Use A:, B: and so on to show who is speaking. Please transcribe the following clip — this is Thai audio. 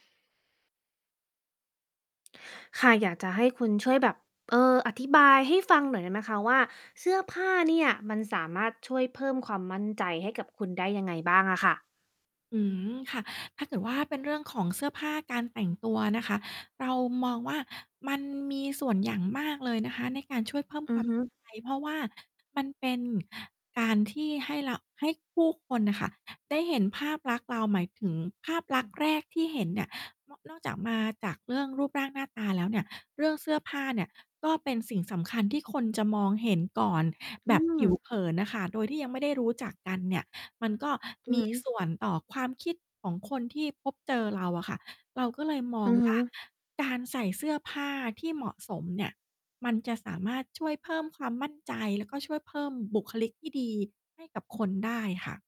A: ค่ะ อยากจะให้คุณช่วยแบบ เออ อธิบายให้ฟังหน่อยได้ไหมคะว่า เสื้อผ้า เนี่ย มันสามารถช่วยเพิ่มความมั่นใจให้กับคุณได้ยังไงบ้างอะค่ะ?
B: อืม ค่ะ ถ้าเกิดว่าเป็นเรื่องของเสื้อผ้าการแต่งตัวนะคะ เรามองว่ามันมีส่วนอย่างมากเลยนะคะ ในการช่วยเพิ่ม
A: อื
B: ควา
A: อ
B: ม
A: ฮ
B: มั่น
A: ึ
B: ใจ เพราะว่ามันเป็นการที่ให้เรา ให้ผู้คนน่ะค่ะ ได้เห็นภาพลักษณ์เรา หมายถึงภาพลักษณ์แรกที่เห็นเนี่ย นอก นอกจาก มาจากเรื่องรูปร่างหน้าตาแล้วเนี่ย เรื่องเสื้อผ้าเนี่ยก็เป็นสิ่งสำคัญที่คนจะมองเห็นก่อน
A: อื
B: แบบผิ
A: ม
B: ว เผินน่ะค่ะ โดยที่ยังไม่ได้รู้จักกันเนี่ย มันก็
A: อื
B: ม
A: อ
B: ี
A: ฮึ
B: ส่วน ต่อความคิดของคนที่พบเจอเราอะค่ะ เราก็เลยม
A: อ
B: อ
A: ื
B: ง
A: อฮ
B: ว่า
A: ึ
B: การใส่เสื้อผ้าที่เหมาะสมเนี่ย มันจะสามารถช่วยเพิ่มความมั่นใจ แล้วก็ช่วยเพิ่มบุคลิกที่ดีให้กับคนได้ค่ะ